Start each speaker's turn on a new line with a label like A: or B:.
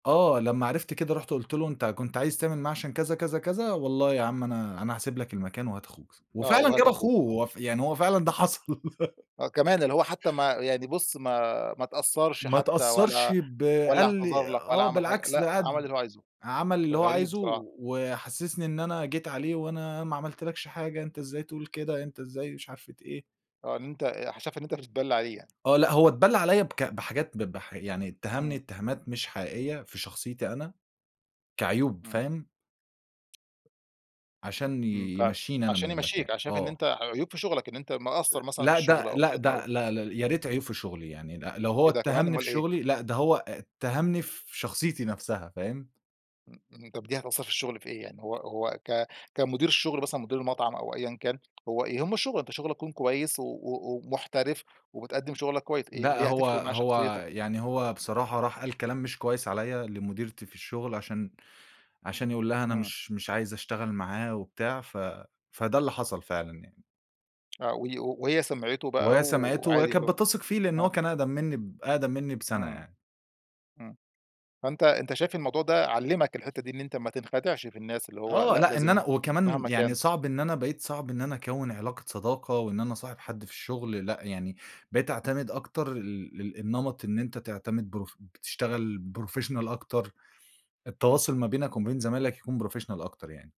A: آه، لما عرفت كده رُحت قُلْت له: "أنتَ كنت عايز تعمل معاه عشان كذا، كذا، كذا والله يا عم أنا أنا هاسيب لَك المكان وهات أخوك."
B: آه،
A: وفعلًا
B: وهات
A: جاب أخوه
B: أخوك آه،
A: هو ف يعني هو فعلًا ده
B: امم.
A: حصل
B: آه، كمان اللي هو حتى ما يعني بُص ما ما اتأثّرش
A: ما
B: حتى
A: اتأثّرش
B: ولا
A: ب
B: والّا
A: قال لي
B: اعتذر لَك ولا
A: آه
B: عمل حاجة
A: بالعكس ده
B: لأ، عمل
A: قعد
B: اللي هو عايزه.
A: عمل
B: ده
A: اللي هو
B: غريب
A: عايزه،
B: بصراحة.
A: وحسسني إن أنا جيت عليه، "وأنا ما عملتلكش حاجة أنتَ إزاي تقول كده؟ أنتَ إزاي مش عارف ت إيه؟"
B: آه إن أنتَ آآ ه شاف إن أنتَ بتتبلّي عليه.
A: آه لأ، هو اتبلّى عليَّ بك بحاجات ب بح يعني اتّهمني
B: امم.
A: اتهامات مش حقيقية في شخصيتي أنا كعيوب
B: امم.
A: فاهم؟ عشان
B: امم
A: ي
B: فعلًا،
A: يمشّيني أنا من
B: عشان يمشِّيك
A: المكان،
B: ع شايف إن
A: آه.
B: أنتً ع عيوب في شغلك إن أنتً مقصَّر
A: [unintelligible]
B: مثلًا في
A: لأ،
B: الشغل
A: ده
B: أو
A: لأ،
B: كده آه.
A: ده لا ل يا ريت عيوب في شغلي يعني ل لو هو
B: إيه ده كمان
A: اتّهمني في
B: أمال ايه؟
A: شغلي لأ، ده هو اتّهمني في شخصيتي نفسها فاهم؟
B: امم، امم طب دي هتأثَّر في الشغل في إيه يعني؟ هو هو ك كمدير الشغل مثلًا مدير المطعم أو أيًا كان، هو يهمه الشغل أنتَ شغلكَ يكون كويس و و ومُحترف، وبتقدم شغلك كويس إيه
A: لأ،
B: ليه
A: هو
B: هتفرق معاه شخصيتك؟
A: هو يعني هو بصراحة راح قال كلام مش كويس عليَّ لمديرتي في الشغل عشان عشان يقول لها: "أنا
B: امم.
A: مش مش عايز أشتغل معاه وبتاع." ف فده اللي حصل فعلًا يعني.
B: آه، و وهي سمعته بقى
A: وهي سمعته وهي
B: وعادي اللي
A: كانت
B: هو
A: بتثق فيه لأن هو
B: آه.
A: كان أقدم منّي ب أقدم منّي بسنة
B: امم،
A: يعني.
B: امم. فأنتَ أنتَ شايف الموضوع ده علِّمك الحتّة دي، إن أنتَ ما تنخدعش في الناس اللي هو
A: آه
B: لأ،
A: لأ، إن
B: لازم
A: أنا وكمان
B: مهما
A: يعني
B: كان
A: صعب إن أنا بقيت صعب إن أنا أكوِّن علاقة صداقة، وإن أنا أصاحب حد في الشغل لأ، يعني بقيت أعتمد أكتر ال لل النمط إن أنتَ تعتمد بروف بتشتغل professional أكتر.
B: امم.
A: التواصل ما بينك وما بين زمايلك يكون professional أكتر يعني.